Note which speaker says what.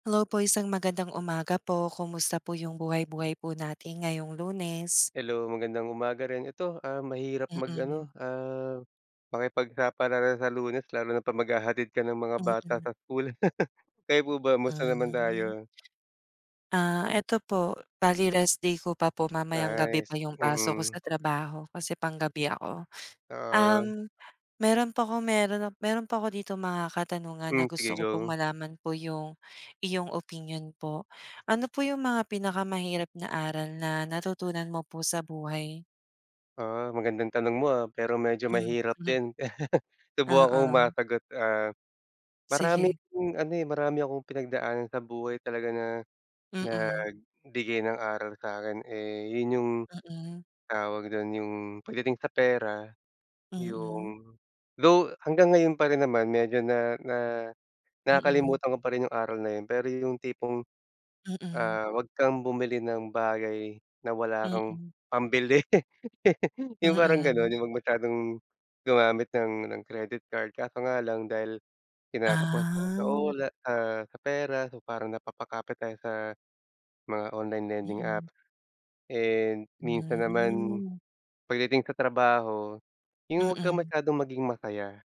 Speaker 1: Hello po, isang magandang umaga po. Kumusta po yung buhay-buhay po natin ngayong Lunes?
Speaker 2: Hello, magandang umaga rin. Ito, ah, mahirap
Speaker 1: Mm.
Speaker 2: mag-ano, ah, makipagsapalaran sa Lunes, lalo na 'pag maghahatid ka ng mga bata
Speaker 1: Mm.
Speaker 2: sa school. Kayo po ba, kumusta naman
Speaker 1: Hmm.
Speaker 2: tayo?
Speaker 1: Ah, ito po, bale rest day ko pa po. Mamayang gabi pa
Speaker 2: Nice,
Speaker 1: yung pasok ko
Speaker 2: mm.
Speaker 1: sa trabaho kasi panggabi ako.
Speaker 2: Ah.
Speaker 1: Um, meron po ako, meron, ah, meron po ako ditong mga katanungan na
Speaker 2: Hmm, sige
Speaker 1: gusto ko pong
Speaker 2: go.
Speaker 1: malaman po yung iyong opinyon po. Ano po yung mga pinakamahirap na aral na natutunan mo po sa buhay?
Speaker 2: Ah, magandang tanong mo, ah, pero medyo mahirap
Speaker 1: Mhm.
Speaker 2: din. Subukan kong
Speaker 1: Oo.
Speaker 2: masagot. Ah, maraming
Speaker 1: Sige.
Speaker 2: ano, eh, marami akong pinagdaanan sa buhay talaga na
Speaker 1: Mm.
Speaker 2: nagbigay ng aral sa'kin, eh, yun yung
Speaker 1: Mm.
Speaker 2: tawag dun, yung pagdating sa pera,
Speaker 1: Mm.
Speaker 2: yung though hanggang ngayon pa rin naman medyo na na
Speaker 1: Mm.
Speaker 2: nakakalimutan ko pa rin yung aral na yun. Pero yung tipong,
Speaker 1: Mm.
Speaker 2: ah, 'wag kang bumili ng bagay na wala kang
Speaker 1: Mm.
Speaker 2: pambili, yung parang ganun.
Speaker 1: Mm.
Speaker 2: Yung 'wag masyadong gumamit ng ng credit card, kaso nga lang dahil kinakapos sa
Speaker 1: Ah.
Speaker 2: ula ah, sa pera, so parang napapakapit tayo sa mga online lending
Speaker 1: Mm.
Speaker 2: apps. Eh, minsan naman
Speaker 1: Hmm.
Speaker 2: pagdating sa trabaho, yung 'wag kang
Speaker 1: Mm.
Speaker 2: masyadong maging masaya.